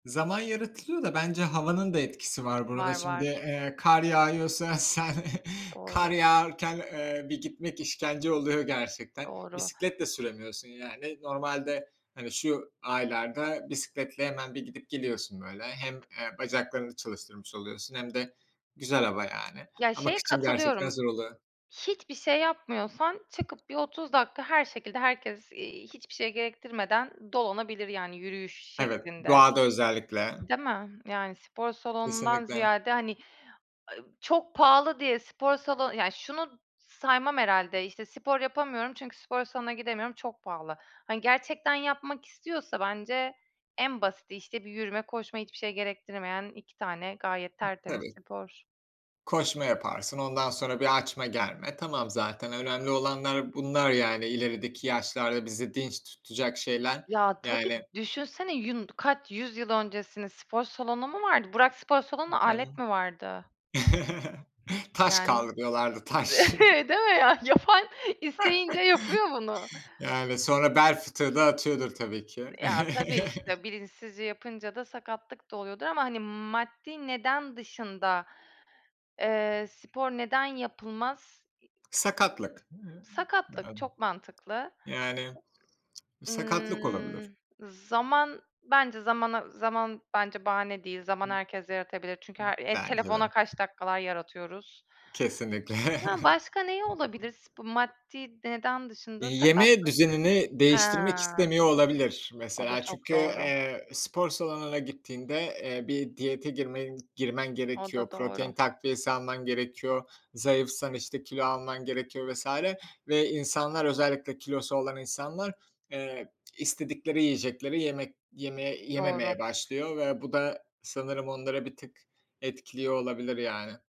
Zaman yaratılıyor da bence havanın da etkisi var burada. Var, Şimdi, var. eee, kar yağıyorsa sen kar Doğru. yağarken, eee, bir gitmek işkence oluyor gerçekten. Doğru. Bisiklet de süremiyorsun yani. Normalde, hani, şu aylarda bisikletle hemen bir gidip geliyorsun böyle. Hem, eee, bacaklarını çalıştırmış oluyorsun hem de güzel hava yani. Ya, Ama şeye kıçın gerçekten katılıyorum: zor oluyor. Hiçbir şey yapmıyorsan çıkıp bir 30 dakika her şekilde herkes, eee, hiçbir şey gerektirmeden dolanabilir, yani, yürüyüş Evet, şeklinde. doğada özellikle. Değil mi? Yani, spor salonundan Kesinlikle. ziyade, hani, ııı, çok pahalı diye spor salonu Ya, şunu saymam herhâlde, işte: "Spor yapamıyorum çünkü spor salonuna gidemiyorum, çok pahalı." Hani, gerçekten yapmak istiyorsa bence en basiti, işte, bir yürüme, koşma, hiçbir şey gerektirmeyen 2 tane gayet I tertemiz tabii. spor. Koşma yaparsın, ondan sonra bir açma germe. Tamam, zaten önemli olanlar bunlar, yani, ilerideki yaşlarda bizi dinç tutacak şeyler. Ya, tabii, Yani düşünsene yun kaç yüzyıl öncesini, spor salonu mu vardı? Bırak spor I salonunu, evet. alet mi vardı? Taş Yani, kaldırıyorlardı, de taş! değil mi ya? Yapan isteyince yapıyor bunu. Yani, sonra bel fıtığı da atıyordur, Iıı, tabii ki. ya, tabii, işte, bilinçsizce yapınca da sakatlık da oluyordur. Ama hani, maddi neden dışında, eee, spor neden yapılmaz? İii Sakatlık. Iıı, Sakatlık, yani. çok mantıklı. Yani, sakatlık olabilir. Imm, zaman. Bence zamana zaman bence bahane değil. Zaman Ib ıb herkes yaratabilir. Çünkü her eee, bence telefona de. kaç dakikalar yaratıyoruz. Kesinlikle. Yani, başka neyi olabilir sp maddi neden Eee, dışında yeme sakatlık. düzenini He, değiştirmek istemiyor olabilir o da mesela. çok Çünkü, doğru. eee, spor salonuna gittiğinde, eee, bir diyete girme girmen O gerekiyor. da Protein doğru. takviyesi alman gerekiyor. Zayıfsan, işte, kilo alman gerekiyor vs. Ve insanlar, özellikle kilosu olan insanlar, eee, istedikleri yiyecekleri yemek yemeye Doğru. yememeye başlıyor ve bu da sanırım onları bir tık etkiliyor olabilir yani.